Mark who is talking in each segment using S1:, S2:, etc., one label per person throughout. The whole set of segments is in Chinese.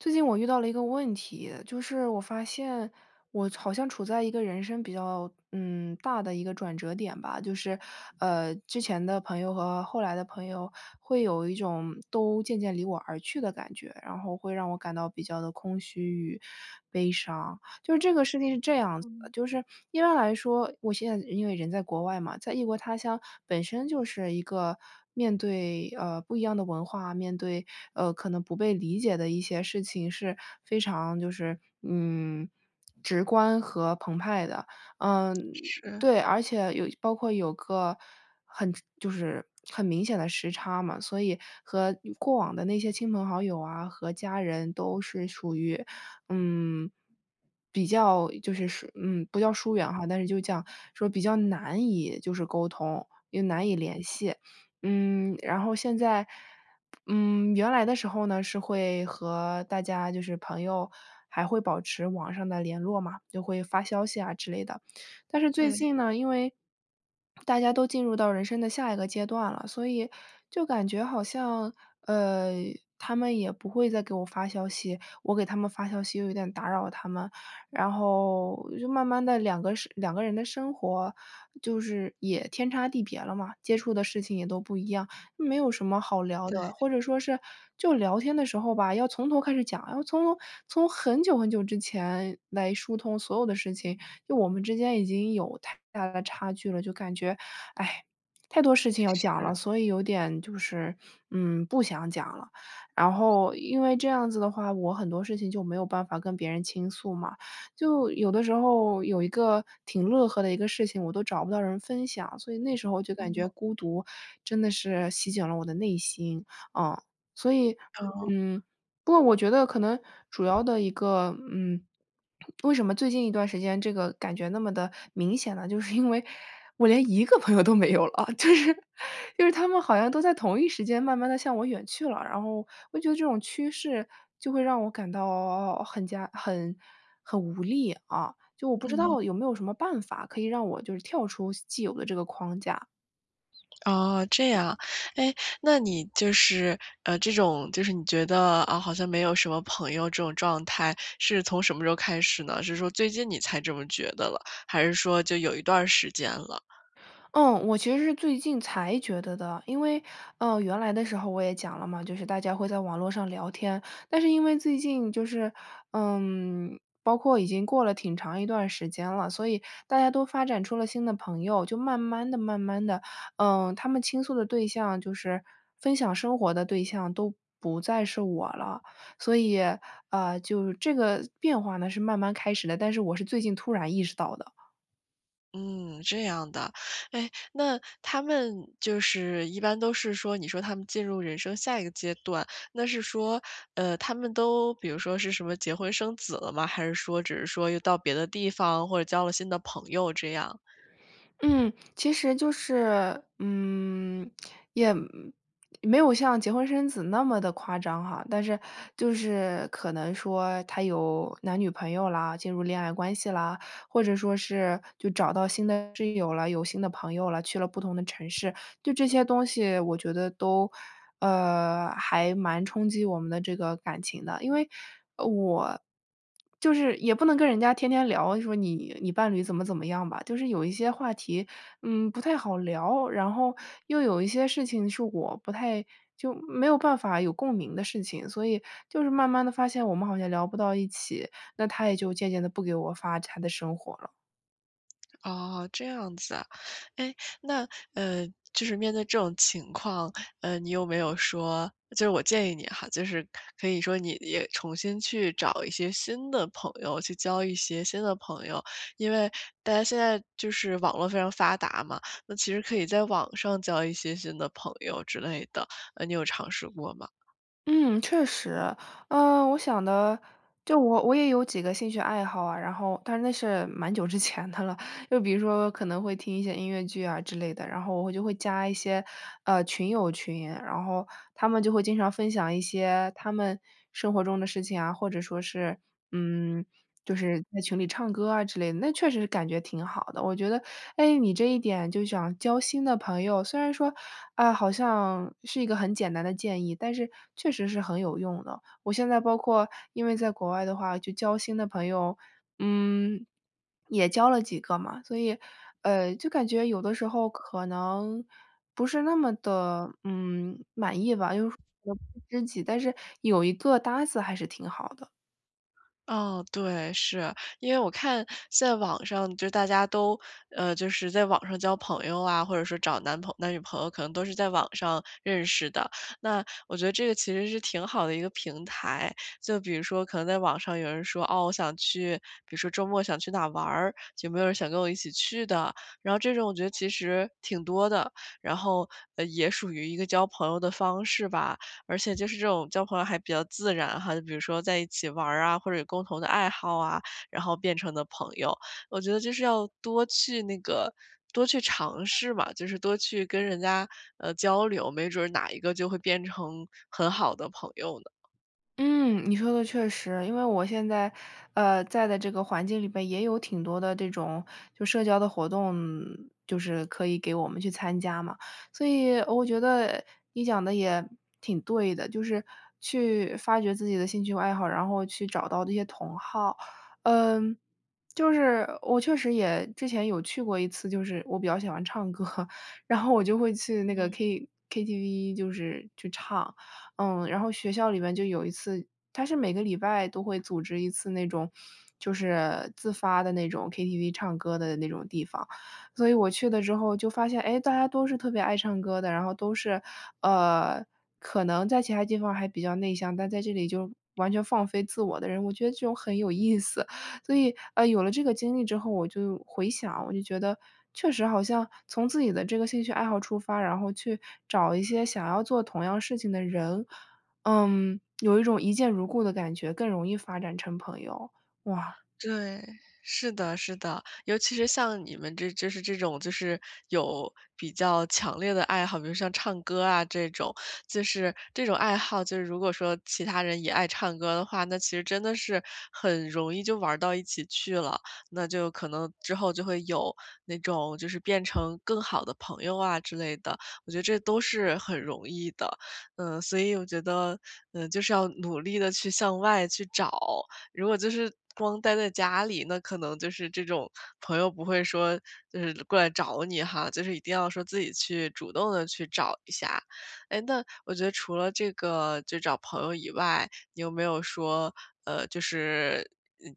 S1: 最近我遇到了一个问题，就是我发现，我好像处在一个人生比较，嗯，大的一个转折点吧。就是，呃，之前的朋友和后来的朋友，会有一种都渐渐离我而去的感觉，然后会让我感到比较地空虚与悲伤。就是这个事情是这样子的，
S2: 嗯。
S1: 就是一般来说，我现在因为人在国外嘛，在异国他乡，本身就是一个面对，呃，不一样的文化，面对，呃，可能不被理解的一些事情是非常就是，嗯，直观和澎湃的。呃，
S2: 是。
S1: 对，而且，有包括有个，很就是很明显的时差嘛，所以和过往的那些亲朋好友啊、和家人都是属于，嗯，比较，就是疏嗯，不叫疏远哈，但是就这样说比较难以就是沟通、也难以联系。嗯，然后现在，嗯，原来的时候呢，是会和大家就是朋友还会保持网上的联络嘛，就会发发消息啊之类的。但是最
S2: 对。
S1: 近呢，因为大家都进入到人生的下一个阶段了，所以，就感觉好像，呃，他们也不会再给我发消息，我给他们发消息又有点打扰他们。然后，就慢慢地，两个生两个人的生活，就是也天差地别了嘛，接触的事情也都不一样，没有什么好聊
S2: 对。
S1: 的。或者说是，就聊天的时候吧，要从头开始讲，要从头从很久很久之前来疏通所有的事情，就我们之间已经有太大的差距了，就感觉，哎，太多事情要讲了，
S2: 是。
S1: 所以有点就是，嗯，不想讲了。然后，因为这样子的话我很多事情就没有办法跟别人倾诉嘛。就有的时候有一个挺乐呵的一个事情，我都找不到人分享，所以那个时候我就感
S2: 嗯。
S1: 觉孤独，真的是席卷了我的内心。嗯。所以，
S2: 哦。
S1: 嗯，不过我觉得可能，主要的一个嗯，为什么最近一段时间这个感觉那么的明显呢，就是因为我连一个朋友都没有了，就是就是他们好像都在同一时间慢慢地向我远去了。然后我觉得这种趋势，就会让我感到很加很很无力啊，就我不知
S2: 嗯。
S1: 道有没有什么办法，可以让我就是跳出既有的这个框架？
S2: 啊，这样。哎，那你就是，呃，这种，就是你觉得，啊，好像没有什么朋友这种状态是从什么时候开始呢？是说最近你才这么觉得了，还是说就有一段儿时间了？
S1: 嗯，我其实是最近才觉得的，因为，呃，原来的时候我也讲了嘛，就是大家会在网络上聊天，但是因为最近就是，嗯，包括已经过了挺长一段时间了，所以大家都发展出了新的朋友。就慢慢地慢慢地，嗯，他们倾诉的对象，就是分享生活的对象都不再是我了，所以，呃，就是这个变化呢是慢慢开始的，但是我是最近突然意识到的。
S2: 嗯，这样的。哎，那他们就是一般都是说，你说他们进入人生下一个阶段，那是说，呃，他们都比如说是什么结婚生子了吗？还是说只是说又到别的地方或者交了新的朋友这样？
S1: 嗯。其实就是，嗯，也没有像结婚生子那么地夸张哈，但是就是可能说他有男女朋友啦，进入恋爱关系啦。或者说是就找到新的室友了，有新的朋友了，去了不同的城市，对这些东西我觉得都，呃，还蛮冲击我们的这个感情的。因为，呃，我，就是也不能跟人家天天聊，说你你伴侣怎么怎么样吧。就是有一些话题，嗯，不太好聊，然后又有一些事情是我不太就没有办法有共鸣的事情，所以，就是慢慢地发现我们好像聊不到一起，那他也就渐渐地不给我发他的生活了。
S2: 哦，这样子啊。诶，那呃，就是面对这种情况，呃，你有没有说，就是我建议你哈，就是可以说，你也重新去找一些新的朋友，去交一些新的朋友。因为大家现在就是网络非常发达嘛，那其实可以在网上交一些新的朋友之类的。呃，你有尝试过吗？
S1: 嗯，确实。呃，我想的，就我我也有几个兴趣爱好啊，然后，但是那是蛮久之前的了。就比如说可能会听一些音乐剧啊之类的，然后我会就会加一些，呃，群友群。然后他们就会经常分享一些他们生活中的事情啊，或者说是，嗯，就是在群里唱歌啊之类的，那确实是感觉挺好的。我觉得，诶，你这一点就想交新的朋友，虽然说，啊，好像是一个很简单的建议，但是确实是很有用的。我现在包括因为在国外的话就交新的朋友，嗯，也交了几个嘛，所以，呃，就感觉有的时候可能不是那么地，嗯，满意吧，因为说 [unintelligible] 知己，但是有一个搭子还是挺好的。
S2: 哦，对，是。因为我看，现在网上就大家都，呃，就是在网上交朋友啊，或者说找男男女朋友啊，可能都是在网上认识的，那我觉得这个其实是挺好的一个平台。就比如说可能在网上有人说，哦，我想去比如说周末想去哪玩儿，有没有人想跟我一起去的？然后这种我觉得其实挺多的，然后，呃，也属于一个交朋友的方式吧。而且就是这种交朋友还比较自然哈，就比如说在一起玩儿啊，或者有共同的爱好啊，然后变成的朋友。我觉得就是要多去那个多去尝试嘛，就是多去跟人家，呃，交流，没准哪一个就会变成很好的朋友呢。
S1: 嗯，你说的确实。因为我现在，呃，在的这个环境里边也有挺多的这种就社交的活动就是可以给我们去参加嘛，所以我觉得，你讲得也挺对的，就是去发掘自己的兴趣爱好，然后去找到这些同好。嗯，就是我确实也之前有去过一次，就是我比较喜欢唱歌，然后我就会去那个
S2: 嗯。
S1: K KTV 就是去唱，嗯，然后学校里面就有一次它是每个礼拜都会组织一次那种就是自发地那种 Ktv 唱歌的那种地方，所以我去了之后就发现，诶，大家都是特别爱唱歌的。然后都是，呃，可能在其他地方还比较内向，但在这里就完全放飞自我的人，我觉得就很有意思。所以，啊，有了这个经历之后，我就回想，我就觉得，确实好像从自己的这个兴趣爱好出发，然后去找一些想要做同样事情的人，嗯，有一种一见如故的感觉，更容易发展成朋友。哇。
S2: 对，是的是的。尤其是像你们这就是这种就是，有比较强烈地爱好，比如像唱歌啊这种，就是这种爱好就是如果说其他人也爱唱歌的话，那其实真的是，很容易就玩儿到一起去了，那就可能之后就会有那种就是变成更好的朋友啊之类的。我觉得这都是很容易的，嗯，所以我觉得，嗯，就是要努力地去向外去找，如果就是光待在家里，那可能就是这种，朋友不会说就是过来找你哈，就是一定要说自己去主动地去找一下。哎，那我觉得除了这个就找朋友以外，你有没有说，呃，就是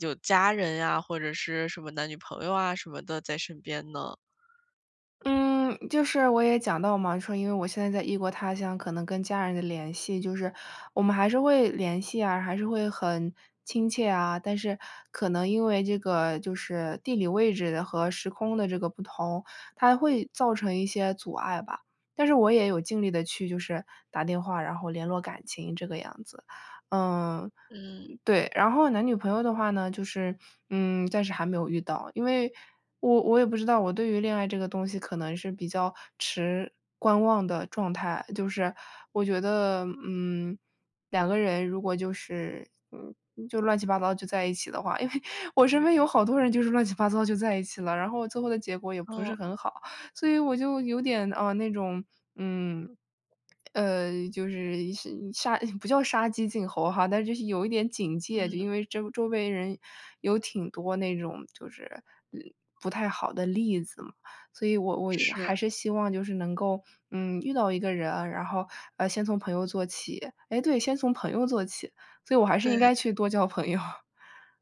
S2: 有家人呀，或者是什么男女朋友啊什么的在身边呢？
S1: 嗯，就是我也讲到嘛，说因为我现在在异国他乡，可能跟家人的联系就是我们还是会联系啊，还是会，很亲切啊。但是可能因为这个就是地理位置和时空的这个不同，它会造成一些阻碍吧。但是我也有尽力地去就是打电话，然后联络感情这个样子。呃，
S2: 嗯。
S1: 对，然后男女朋友的话呢，就是，嗯，暂时还没有遇到。因为我我也不知道我对于恋爱这个东西可能是比较持观望的状态，就是我觉得，嗯，两个人如果就是，嗯，就乱七八糟就在一起的话，因为我身边有好多人就是乱七八糟就在一起了，然后最后的结果也不是
S2: 哦。
S1: 很好，所以我就有点，啊，那种，嗯，呃，就是是杀呃不叫杀鸡儆猴哈，但是就是有一点警戒。就
S2: 嗯。
S1: 因为这周围人有挺多那种就是，呃，不太好的例子嘛，所以我我
S2: 是。
S1: 还是希望就是能够，嗯，遇到一个人，然后，呃，先从朋友做起，诶，对，先从朋友做起，所以我还是
S2: 对
S1: 应该
S2: 的。
S1: 去多交朋友。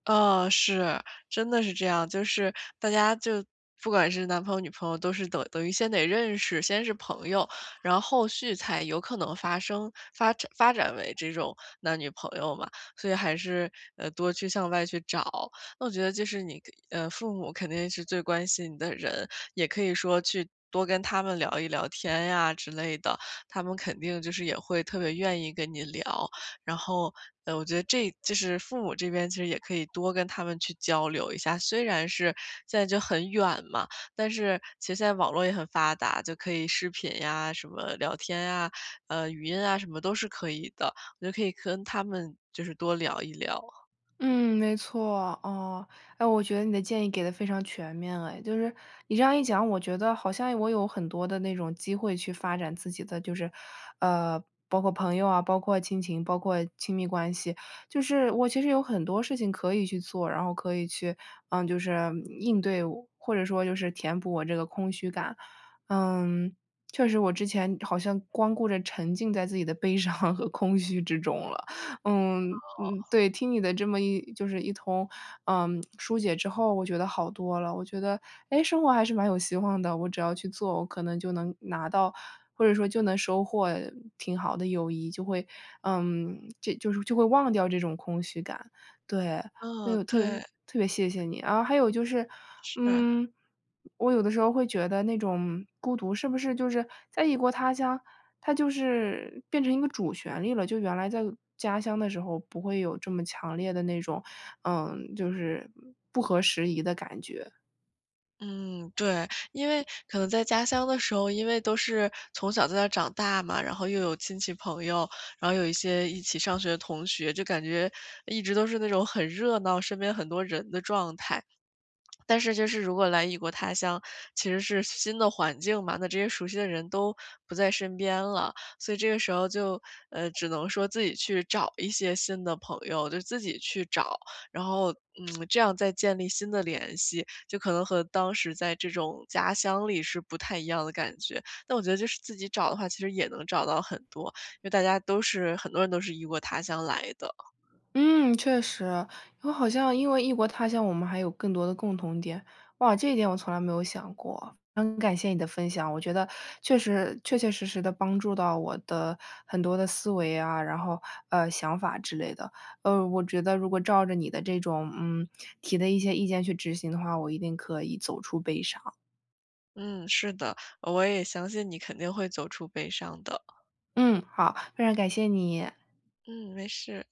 S2: 啊，是，真的是这样，就是大家就不管是男朋友女朋友都是等等于先得认识，先是朋友，然后续才有可能发生，发发展为这种男女朋友嘛。所以还是，呃，多去向外去找。那我觉得就是你可呃父母肯定是最关心你的人，也可以说去多跟他们聊一聊天呀之类的，他们肯定就是也会特别愿意跟你聊。然后，呃，我觉得这就是父母这边其实也可以多跟他们去交流一下，虽然是在就很远嘛，但是，其实现在网络也很发达，就可以视频呀，什么聊天呀、呃，语音啊什么都是可以的，就可以跟他们就是多聊一聊。
S1: 嗯，没错，啊，哎，我觉得你的建议给得非常全面了哎。就是你这样一讲，我觉得好像我有很多的那种机会去发展自己的就是，呃，包括朋友啊，包括亲情，包括亲密关系、就是我其实有很多事情可以去做，然后可以去，呃，就是应对我或者说就是填补我这个空虚感。嗯，确实我之前好像光顾着沉浸在自己的悲伤和空虚之中了。嗯，
S2: 哦。
S1: 嗯对，听你的这么一就是一通，呃，疏解之后，我觉得好多了，我觉得，诶，生活还是蛮有希望的，我只要去做，我可能就能拿到，或者说就能收获挺好的友谊，就会，嗯，就就是就会忘掉这种空虚感。对，所以
S2: 嗯，
S1: 我特别
S2: 对。
S1: 特别谢谢你。啊，然后还有就是，
S2: 是。
S1: 嗯，我有的时候会觉得那种孤独，是不是就是在异国他乡，它就是变成一个主旋律了？就原来在家乡的时候不会有这么强烈的那种，嗯，就是不合时宜的感觉？
S2: 嗯，对。因为可能在家乡的时候，因为都是从小在那儿长大嘛，然后又有亲戚朋友，然后有一些一起上学的同学，就感觉一直都是那种很热闹，身边很多人的状态。但是就是如果来异国他乡，其实是新的环境嘛，那这些熟悉的人，都不在身边了。所以这个时候就，呃，只能说自己去找一些新的朋友，就自己去找。然后，嗯，这样再建立新的联系，就可能和当时在这种家乡里，是不太一样的感觉。但我觉得就是自己找的话，其实也能找到很多，因为大家都是很多人都是异国他乡来的。
S1: 嗯，确实。因为好像因为异国他乡，我们还有更多的共同点。哇，这一点我从来没有想过，很感谢你的分享。我觉得确实确确实实地帮助到我的很多的思维啊，然后，呃，想法之类的。呃，我觉得如果照着你的这种嗯，提的一些意见去执行的话，我一定可以走出悲伤。
S2: 嗯。是的，我也相信你肯定会走出悲伤的。
S1: 嗯。好，非常感谢你。
S2: 嗯，没事。